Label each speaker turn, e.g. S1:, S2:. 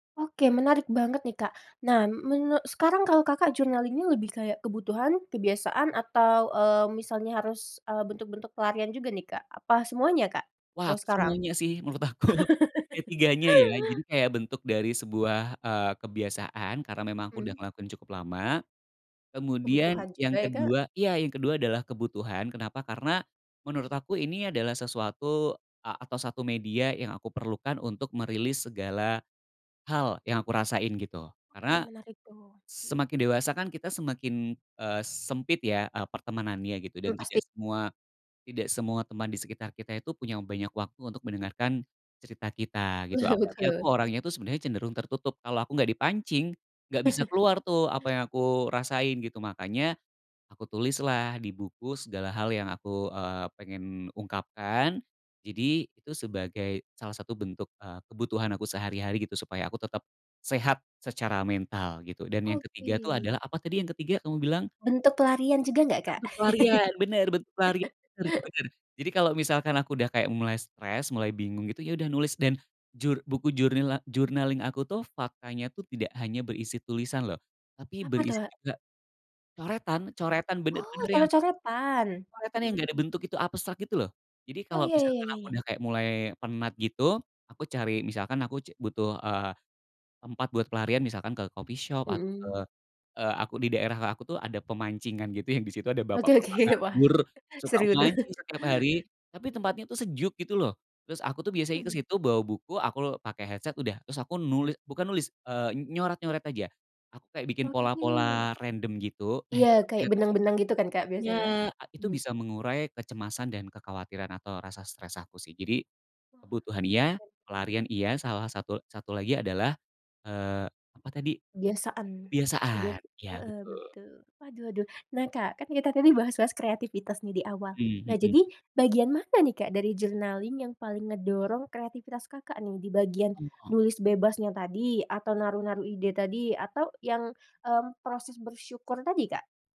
S1: Oke menarik banget nih Kak, nah menu sekarang kalau Kakak journaling-nya lebih kayak kebutuhan, kebiasaan, atau, eee, misalnya harus, eee, bentuk-bentuk pelarian juga nih Kak apa semuanya Kak,
S2: Wah
S1: kalau
S2: aku
S1: sekarang?
S2: semuanya sih menurut aku ketiganya ya jadi kayak bentuk dari sebuah, eee, kebiasaan karena memang aku udah
S1: Mmm.
S2: ngelakuin cukup lama, kemudian
S1: Kebutuhan
S2: yang
S1: juga ya Kak.
S2: kedua iya yang kedua adalah kebutuhan kenapa karena, menurut aku ini adalah sesuatu a atau 1 media yang aku perlukan untuk merilis segala, hal yang aku rasain gitu
S1: Oke
S2: karena,
S1: menarik tuh, mhm.
S2: semakin dewasa kan kita semakin, eee, sempit ya, eee, pertemanannya gitu dan
S1: Mmm, pasti.
S2: tidak semua tidak semua teman di sekitar kita itu punya banyak waktu untuk mendengarkan, cerita kita gitu apalagi aku
S1: Betul.
S2: orangnya itu sebenarnya cenderung tertutup kalau aku nggak dipancing, nggak bisa keluar tuh apa yang aku rasain gitu makanya, aku tulislah di buku segala hal yang aku, eee, pengen ungkapkan jadi itu sebagai salah satu bentuk, eee, kebutuhan aku sehari-hari gitu supaya aku tetap, sehat secara mental gitu dan yang ketiga tuh
S1: Oke.
S2: adalah apa tadi yang ketiga kamu bilang?
S1: Bentuk pelarian juga nggak, Kak?
S2: Bentuk pelarian bener bentuk pelarian bener bener jadi kalo misalkan aku udah kayak mulai stres mulai bingung gitu ya udah nulis dan jur buku journaling aku tuh faktanya tuh tidak hanya berisi tulisan loh, tapi
S1: Apa
S2: berisi
S1: tuh?
S2: juga, coretan coretan
S1: Oh
S2: bener-bener yang
S1: coret-coretan?
S2: coretan yang
S1: Mhm.
S2: gak ada bentuk itu abstrak gitu loh, jadi
S1: Oh
S2: kalau
S1: ya ya ya
S2: misalkan
S1: ya
S2: aku
S1: ya.
S2: udah kayak mulai penat gitu aku cari misalkan aku c butuh, eee, tempat buat pelarian misalkan ke coffee shop atau ke,
S1: Mhm.
S2: eee, aku di daerah aku tuh ada pemancingan gitu yang disitu ada
S1: Oke
S2: bapak-bapak
S1: oke wah
S2: nganggur, suka
S1: seru tuh.
S2: mancing setiap hari, tapi tempatnya tuh sejuk gitu loh, terus aku tuh biasanya
S1: Mhm.
S2: kesitu bawa buku aku pakai headset udah terus aku nulis bukan nulis, eee, nyoret-nyoret aja, aku kayak bikin
S1: Oke.
S2: pola-pola random gitu nah
S1: Iya
S2: itu
S1: kayak
S2: ternyata bisa,
S1: benang-benang gitu kan Kak
S2: ya
S1: biasanya?
S2: itu
S1: Mmm.
S2: bisa mengurai kecemasan dan kekhawatiran atau rasa stres aku sih jadi, kebutuhan iya, pelarian iya salah satu satu lagi adalah, eee, apa tadi?
S1: Biasaan,
S2: Kebiasaan
S1: biasa,
S2: iya
S1: heeh,
S2: betul.
S1: betul waduh waduh nah Kak kan tadi kita bahas-bahas kreativitas nih di awal
S2: Mmm,
S1: nah jadi
S2: mhm.
S1: bagian mana nih Kak dari journaling yang paling ngedorong kreativitas Kakak nih di bagian,
S2: Oh.
S1: nulis bebasnya tadi atau naruh-naruh ide tadi atau yang, mmm, proses bersyukur tadi, Kak?